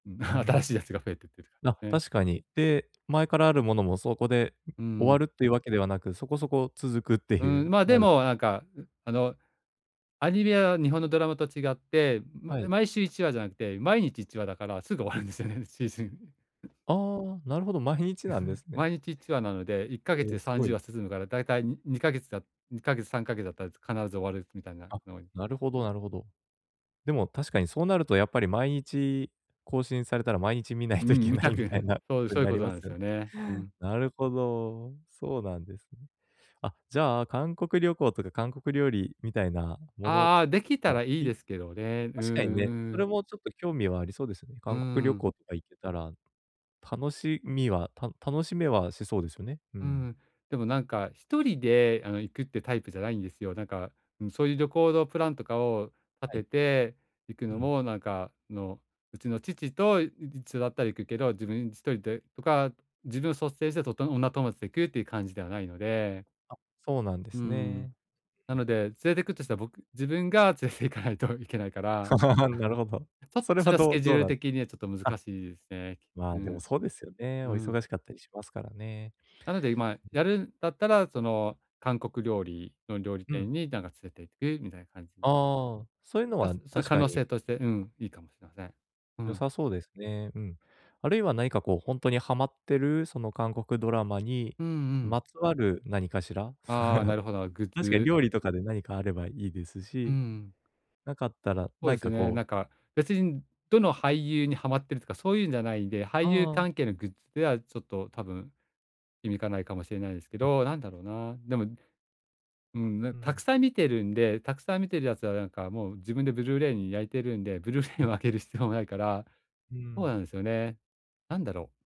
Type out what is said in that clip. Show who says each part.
Speaker 1: うん、
Speaker 2: うー
Speaker 1: 新
Speaker 2: ん。
Speaker 1: しいやつが増えてってる
Speaker 2: あ、
Speaker 1: 感、ね。
Speaker 2: 確かに。で、前からある物も、そこで、ん、
Speaker 1: うー
Speaker 2: 終わ
Speaker 1: ん。
Speaker 2: るって言う訳ではなく、そこそこ続くって
Speaker 1: う
Speaker 2: 言
Speaker 1: ーん。
Speaker 2: う。
Speaker 1: まあ、
Speaker 2: な
Speaker 1: で
Speaker 2: る
Speaker 1: も、何か、ん、あのアニメは日本のドラマと違って、ま
Speaker 2: はい。
Speaker 1: 毎週1話じゃなくて、毎日1話だから、すぐ終わるんですよね、シーズン。ん。
Speaker 2: ああ、なるほど、毎日なんで すね。
Speaker 1: 毎日1話なので、いっかげ
Speaker 2: え
Speaker 1: つ
Speaker 2: え、
Speaker 1: でさん
Speaker 2: 凄
Speaker 1: じゅう
Speaker 2: い。
Speaker 1: わ進むから、大体に2か月だ2か月、3か月だったら、必ず終わるみたいな、
Speaker 2: あ、
Speaker 1: の
Speaker 2: なるほどなるほど。でも確かにそうなると、やっぱり毎日、更新されたら、毎日見ない
Speaker 1: う
Speaker 2: とい
Speaker 1: ん、
Speaker 2: け
Speaker 1: 見
Speaker 2: な
Speaker 1: た
Speaker 2: い、み
Speaker 1: く
Speaker 2: たい な
Speaker 1: そう、
Speaker 2: 事
Speaker 1: そ
Speaker 2: に
Speaker 1: う言う
Speaker 2: なり
Speaker 1: 事
Speaker 2: ま
Speaker 1: なんで
Speaker 2: す
Speaker 1: す
Speaker 2: よね。
Speaker 1: よね。うん。
Speaker 2: なるほど、そうなんですね。あ、じゃあ、韓国旅行とか、韓国料理みたいな物
Speaker 1: ああ、出来た
Speaker 2: が
Speaker 1: ら良い
Speaker 2: い
Speaker 1: ですけどね。うん
Speaker 2: 確かにね、
Speaker 1: う
Speaker 2: それ
Speaker 1: ん。
Speaker 2: もちょっと、興味はありそうですよね。
Speaker 1: うー
Speaker 2: 韓国旅
Speaker 1: ん。
Speaker 2: 行とか行けたら、楽しみは、た楽しめはしそうですよね。う
Speaker 1: う
Speaker 2: ん。
Speaker 1: ん、でも何か、1人で、あの行くってタイプじゃないんですよ。何か、うん、そう言う旅行のプランとかを、
Speaker 2: はい。
Speaker 1: 立てて行く
Speaker 2: う
Speaker 1: の
Speaker 2: ん。
Speaker 1: も何か、あのうちの父と一緒だったら行くけど、自分1人でとか、自分を率先して、と女友達で行くって言う感じではないので。
Speaker 2: あ、そうなんで
Speaker 1: うー
Speaker 2: す
Speaker 1: ん。
Speaker 2: ね。
Speaker 1: なので、連れてくとしたら、僕自分が連れて行かないと行けないから、
Speaker 2: なる ほど。
Speaker 1: ちょっと
Speaker 2: それ
Speaker 1: そ
Speaker 2: は
Speaker 1: れはス
Speaker 2: どう
Speaker 1: ケジュ
Speaker 2: ど
Speaker 1: ー
Speaker 2: う
Speaker 1: ル
Speaker 2: なん、す
Speaker 1: 的にはちょっと
Speaker 2: あ。
Speaker 1: 難しいですね。
Speaker 2: ま
Speaker 1: う
Speaker 2: あ、でも、
Speaker 1: ん。
Speaker 2: そうですよね。
Speaker 1: う
Speaker 2: お
Speaker 1: ん。
Speaker 2: 忙しかったりしますからね。
Speaker 1: なので、ま、やるんだったら、その韓国料理の、料理
Speaker 2: う
Speaker 1: 店
Speaker 2: ん。
Speaker 1: になんか連れて行く、みたいな感じ。
Speaker 2: ああ。そう言うの
Speaker 1: ま、
Speaker 2: は、
Speaker 1: そその
Speaker 2: 確
Speaker 1: 可
Speaker 2: か
Speaker 1: 能
Speaker 2: に。
Speaker 1: 性として、うん、いいかもしれません。う
Speaker 2: 良
Speaker 1: ん。
Speaker 2: さそうですね、うん。あるいは何か、こう本当にハマってる、その韓国ドラマに、
Speaker 1: うんうん。
Speaker 2: まつわる何かしら？
Speaker 1: ああ、な るほどなるグッ
Speaker 2: 確かに、
Speaker 1: ズ。
Speaker 2: 料理とかで、何かあればいいです
Speaker 1: うんう
Speaker 2: し、
Speaker 1: ん。
Speaker 2: 無かったら、
Speaker 1: そうで
Speaker 2: 何
Speaker 1: す
Speaker 2: か
Speaker 1: ね。
Speaker 2: こう
Speaker 1: 何か別に、どの俳優にハマっているとか、そう言うんじゃないんで。俳優
Speaker 2: ああ。
Speaker 1: 関係のグッズではちょっと、多分響かないかもしれないですけ
Speaker 2: あ。
Speaker 1: ど、何だろうな。でも、うん、な、
Speaker 2: うー
Speaker 1: 沢
Speaker 2: ん。
Speaker 1: 山見てるんで、沢山見てるやつは、何かもう、自分でブルーレイに焼いているんで、ブルーレイ
Speaker 2: あ。
Speaker 1: をあげる必要もないから。
Speaker 2: うー
Speaker 1: そう
Speaker 2: ん。
Speaker 1: なんですよね。何だろう？